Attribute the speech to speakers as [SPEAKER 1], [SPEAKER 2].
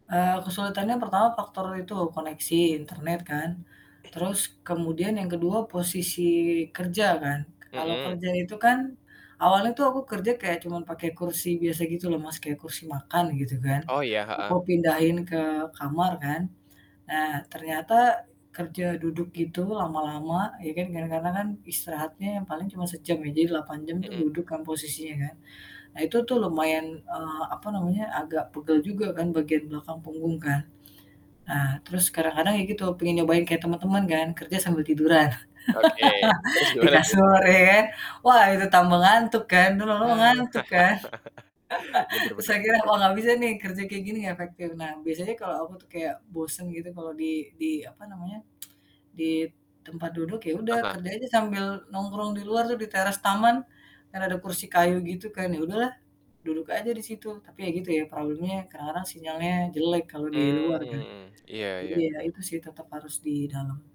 [SPEAKER 1] Eh, kesulitannya pertama faktor itu, koneksi internet kan. Terus kemudian yang kedua, posisi kerja kan, kalau
[SPEAKER 2] Mhm.
[SPEAKER 1] kerja itu kan, awalnya tuh, aku kerja kayak cuman pake kursi biasa gitu loh, Mas, kayak kursi makan, gitu kan,
[SPEAKER 2] Oh, iya.
[SPEAKER 1] aku
[SPEAKER 2] Heeh.
[SPEAKER 1] pindahin ke kamar kan. Nah, ternyata kerja duduk gitu, lama-lama, ya kan, kadang-kadang kan istirahatnya yang paling cuma sejam ya, jadi 8 jam, tuh
[SPEAKER 2] Mhm.
[SPEAKER 1] duduk kan posisinya kan. Nah, itu tuh lumayan, eee, apa namanya, agak pegel juga kan bagian belakang punggung kan. Nah, terus kadang-kadang ya gitu, pengen nyobain kayak teman-teman kan, kerja sambil tiduran.
[SPEAKER 2] Oke, terus
[SPEAKER 1] Di
[SPEAKER 2] gimana tuh?
[SPEAKER 1] kasur ya kan, wah itu tambah ngantuk kan, terus lama-lama
[SPEAKER 2] Ah
[SPEAKER 1] ngantuk kan.
[SPEAKER 2] Bener
[SPEAKER 1] Terus
[SPEAKER 2] bener bener.
[SPEAKER 1] akhirnya, wah nggak bisa nih kerja kayak gini nggak efektif. Nah, biasanya kalau aku tuh kayak bosen gitu kalau di di apa namanya, di tempat duduk, ya
[SPEAKER 2] Ah
[SPEAKER 1] udah
[SPEAKER 2] hah.
[SPEAKER 1] kerja aja sambil nongkrong di luar tuh di teras taman. Kan ada kursi kayu gitu kan, ya udahlah, duduk aja di situ, tapi ya gitu ya problemnya sekarang sinyalnya jelek kalau di luar kan.
[SPEAKER 2] Mmm, iya
[SPEAKER 1] Jadi,
[SPEAKER 2] iya
[SPEAKER 1] ya
[SPEAKER 2] iya.
[SPEAKER 1] itu sih tetap harus di dalam.